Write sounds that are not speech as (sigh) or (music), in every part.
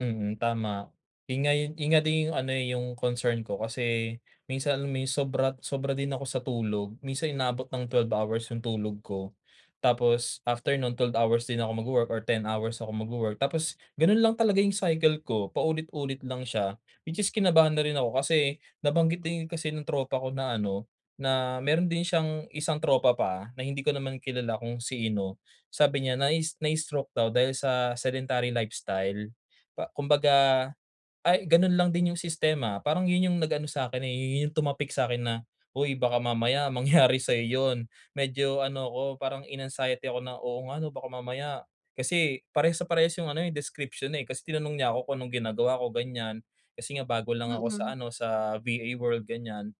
Mm. Tama. Yun nga yung, yun nga din yung ano, eh, yung concern ko, kasi minsan may sobra sobra din ako sa tulog. Minsan inaabot ng 12 hours yung tulog ko. Tapos after no'n 12 hours din ako magwo-work, or 10 hours ako magwo-work. Tapos gano'n lang talaga yung cycle ko, paulit-ulit lang siya, which is kinabahan na rin ako. Kasi nabanggit din yun kasi ng tropa ko na ano, na meron din siyang isang tropa pa na hindi ko naman kilala kung sino. Sabi niya nai "Na stroke" daw dahil sa sedentary lifestyle pa kumbaga, ay gano'n lang din yung sistema. Parang, yun yung nag-ano sa'kin, eh, yun yung tumapik sa'kin na, "Uy, baka mamaya mangyari (chuckles) sa'yo yun." medyo ano ako, parang in-anxiety ako na, "Oo nga ano." baka mamaya kasi, parehas na parehas yung ano, eh, description, eh. Kasi tinanong niya ako kung anong ginagawa ko gan'yan, kasi nga bago lang ako sa Mm. ano, sa VA world gan'yan.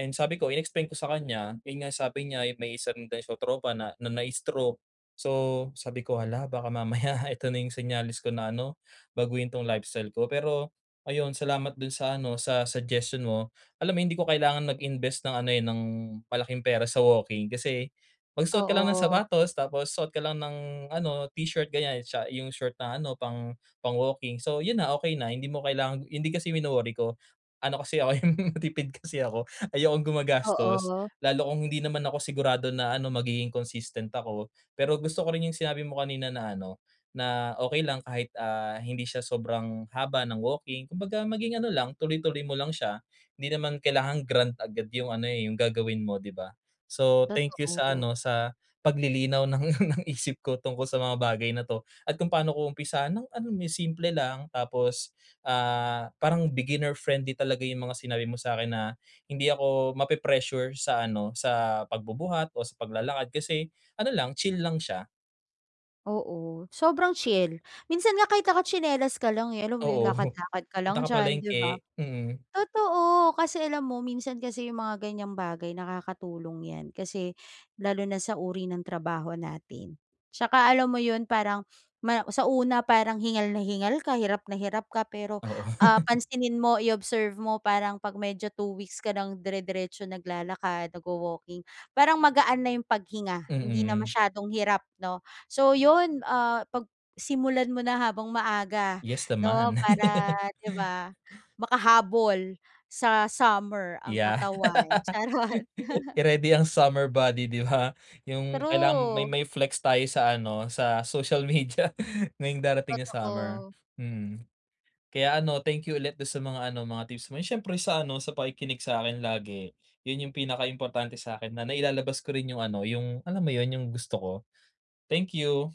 And sabi ko, in-explain ko sa kanya, yun nga sabi niya, yung may isa rin daw siyang tropa na na na-stroke. So, sabi ko, "Hala, baka mamaya (chuckles) ito na yung senyales ko na ano, baguhin 'tong lifestyle ko." pero, ayun salamat dun sa ano, sa suggestion mo. Alam mo hindi ko kailangan mag-invest ng ano, eh, ng malaking pera sa walking, kasi magsuot ka lang ng Oo. sapatos, tapos suot ka lang ng ano t-shirt gan'yan, siya yung short na ano, pang, pang walking. So, yun na, okay na, hindi mo kailangan yun din kasi yung wino-worry ko, ano kasi ako yung, matipid kasi ako, ayokong gumagastos, Oo. lalo kung hindi naman ako sigurado na ano, magiging consistent ako. Pero gusto ko rin yung sinabi mo kanina na ano, na "Okay lang kahit, ah, hindi siya sobrang haba ng walking," kumbaga maging ano lang tuloy-tuloy mo lang siya. 'Di naman kailangang grand agad yung ano, eh, yung gagawin mo, 'di ba? So, thank you sa Totoo. ano, sa paglilinaw ng isip ko tungkol sa mga bagay na 'to, at kung paano ko umpisahan ng ano mo yun, simple lang, tapos, ah, parang beginner friendly talaga yung mga sinabi mo sa'kin na, hindi ako mape-pressure sa ano, sa pagbubuhat o sa paglalakad, kasi ano lang, chill lang siya. Oo. Sobrang chill. Minsan nga kahit naka tsinelas ka lang, eh, alam mo yun? Oo. (chuckles) Lakad-lakad ka Punta lang ka diyan, 'di ba? palengke. Mm. Totoo. Kasi alam mo minsan kasi yung mga gan'yang bagay nakakatulong yan, kasi lalo na sa uri ng trabaho natin, 'Tsaka alam mo yun, parang ma (sniffs) sa una parang hingal na hingal ka, hirap na hirap ka. Pero, Oo. ah, (laughs) pansinin mo, i-observe mo, parang 'pag medyo two weeks ka nang dire-diretso naglalakad, nagwo-walking, parang magaan na yung paghinga, hindi na Mm. masyadong hirap 'no? So, 'yon, ah, 'pag simulan mo na habang maaga Yes 'no. naman. Para, (laughs) 'di ba, makahabol sa summer ang Yeah. katawan. (laughs) Charot. I-ready ang summer body, 'di ba? Yung kailangan may True. ma i-flex tayo sa ano, sa social media ngayong darating na summer, Totoo. mm. Kaya ano, thank you ulit do'n sa mga ano, mga tips mo, eh, siyempre sa ano, sa pakikinig sa'kin lagi. Yun yung pinaka importante sa'kin na nailalabas ko rin yung ano, yung, alam mo yun, yung gusto ko. Thank you.